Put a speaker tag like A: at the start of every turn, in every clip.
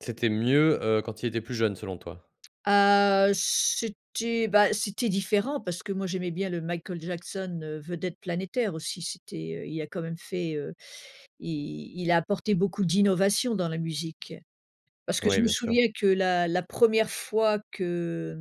A: C'était mieux, heu, quand il était plus jeune selon toi?
B: Ah, heu, c'était bah c'était différent parce que moi, j'aimais bien le Michael Jackson, heu, vedette planétaire aussi, c'était, heu, il a quand même fait, heu, il il a apporté beaucoup d'innovation dans la musique. Parce
A: D
B: que je
A: ouais,
B: me
A: bien sûr.
B: souviens que la la première fois que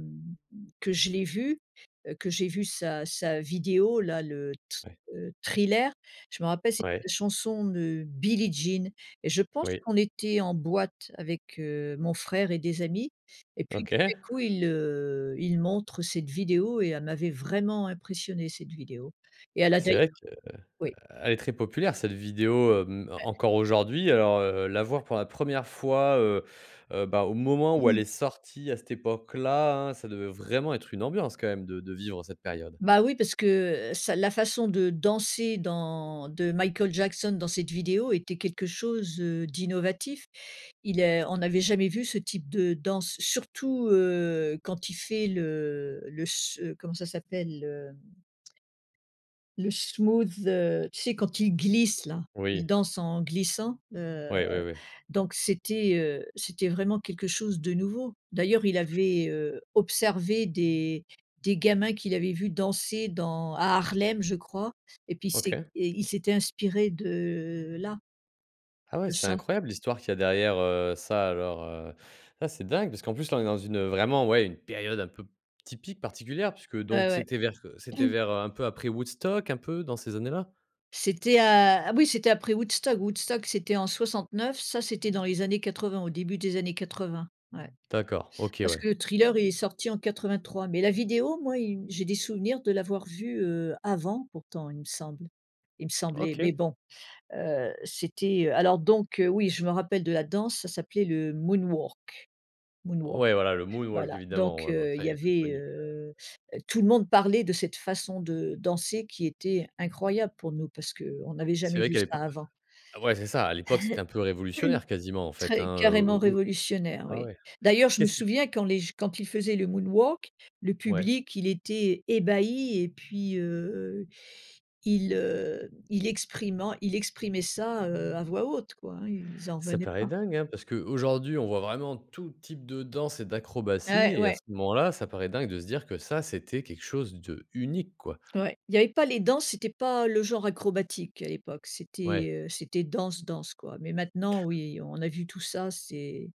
B: mmh, que je l'ai vu, heu, que j'ai vu sa sa vidéo là, le t,
A: Ouais.
B: heu, Thriller, je m'en rappelle, c'était
A: Ouais.
B: une chanson de Billie Jean. Je pense
A: Oui.
B: qu'on était en boîte avec, heu, mon frère et des amis et puis, tout d'un
A: OK.
B: coup, il le il montre cette vidéo et elle m'avait vraiment impressionnée cette vidéo. Et elle a
A: C'est
B: d'ailleurs
A: vrai
B: oui.
A: qu'elle est très populaire cette vidéo, hem,
B: Ouais.
A: encore aujourd'hui, alors, heu, la voir pour la première fois, heu, heu, bah au moment où elle est sortie à cette époque-là, hein, ça devait vraiment être une ambiance quand même de de vivre cette période.
B: Bah oui parce que, heu, ça la façon de danser dans de Michael Jackson dans cette vidéo était quelque chose, heu, d'innovant. Il est on n'avait jamais vu ce type de danse surtout, heu, quand il fait le le s heu, comment ça s'appelle? Le le smooth, heu, tu sais quand il glisse là, il
A: Oui.
B: danse en glissant, heu,
A: Oui, oui, oui.
B: donc c'était, heu, c'était vraiment quelque chose de nouveau. D'ailleurs il avait, heu, observé des des gamins qu'il avait vu danser dans à Harlem je crois et puis il s'est
A: OK.
B: et il s'était inspiré de là
A: Ah ouais,
B: de
A: c'est
B: ça.
A: incroyable l'histoire qu'il y a derrière, heu, ça alors, heu, ah ça dingue! Parce qu'en plus, là on est dans une, heu, vraiment, ouais, une période un peu p typique particulière puisque
B: Ouais
A: donc
B: ouais.
A: c'était vers, heu, c'était vers, heu, un peu après Woodstock, un peu dans ces années là?
B: C'était à, ah oui, c'était après Woodstock. Woodstock, c'était en 69, ça, c'était dans les années 80, au début des années 80. Ouais.
A: D'accord, OK
B: Parce
A: ouais.
B: que le Thriller il est sorti en 83, mais la vidéo moi, il m j'ai des souvenirs de l'avoir vue, heu, avant pourtant, il me semble, il me semblait, mais
A: OK.
B: bon. Heu, c'était alors donc, heu, oui, je me rappelle de la danse, ça s'appelait le Moonwalk Moonwalk.
A: Ouais, voilà le Moonwalk
B: Voilà
A: évidemment,
B: donc,
A: ouais bah
B: heu, il y
A: très très
B: avait,
A: connu, ouais, ouais.
B: heu heu, tout le monde parlait de cette façon de danser qui était incroyable pour nous parce qu'on n'avait
A: C'est
B: jamais
A: vrai
B: vu
A: qu'à
B: ça
A: l'époque
B: avant.
A: ouais, c'est ça à l'époque, c'était un peu révolutionnaire quasiment en fait,
B: Très
A: hein, heu,
B: carrément
A: au au
B: révolutionnaire
A: ah
B: oui.
A: ouais,
B: D'ailleurs, je me
A: qu'est-ce qui
B: souviens quand les j quand il faisait le Moonwalk, le
A: Ouais.
B: public, il était ébahi et puis heu, il, heu, il exprimant, il exprimait ça, heu, à voix haute quoi, hein, ils en
A: Ça
B: revenaient
A: paraît
B: pas.
A: dingue hein! Parce qu'aujourd'hui on voit vraiment tout type de danses et
B: Ah
A: d'acrobaties
B: ouais,
A: et à
B: ouais.
A: ce moment-là ça paraît dingue de se dire que ça, c'était quelque chose d'unique quoi.
B: N ouais, il y avait pas les danses, c'était pas le genre acrobatique à l'époque,
A: Ouais.
B: c'était, heu, c'était danse danse quoi, mais maintenant oui, on a vu tout ça, c'est